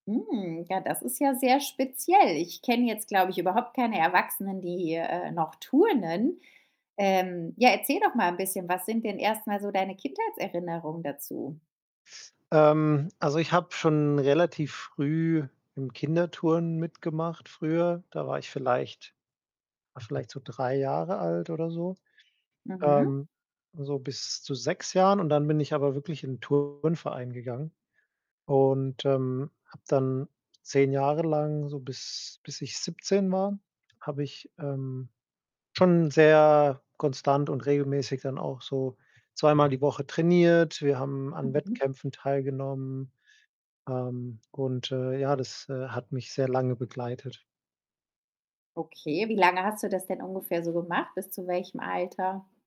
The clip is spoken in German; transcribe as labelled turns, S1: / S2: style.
S1: Hm, ja, das ist ja sehr speziell. Ich kenne jetzt, glaube ich, überhaupt keine Erwachsenen, die, äh, noch turnen. Ähm, ja, erzähl doch mal 'n bisschen, was sind denn erst mal so deine Kindheitserinnerungen dazu?
S2: Ähm, also, ich habe schon relativ früh im Kinderturnen mitgemacht früher. Da war ich vielleicht vielleicht so 3 Jahre alt oder so.
S1: Mhm.
S2: Ähm, so bis zu 6 Jahren und dann bin ich aber wirklich in ‘n Turnverein gegangen. Und, ähm, habe dann 10 Jahre lang so bis bis ich 17 war, habe ich, ähm, schon sehr konstant und regelmäßig dann auch so zweimal die Woche trainiert, wir haben an
S1: Mhm.
S2: Wettkämpfen teilgenommen, ähm, und, äh, ja, das, äh, hat mich sehr lange begleitet.
S1: Okay, wie lange hast du das denn ungefähr so gemacht, bis zu welchem Alter?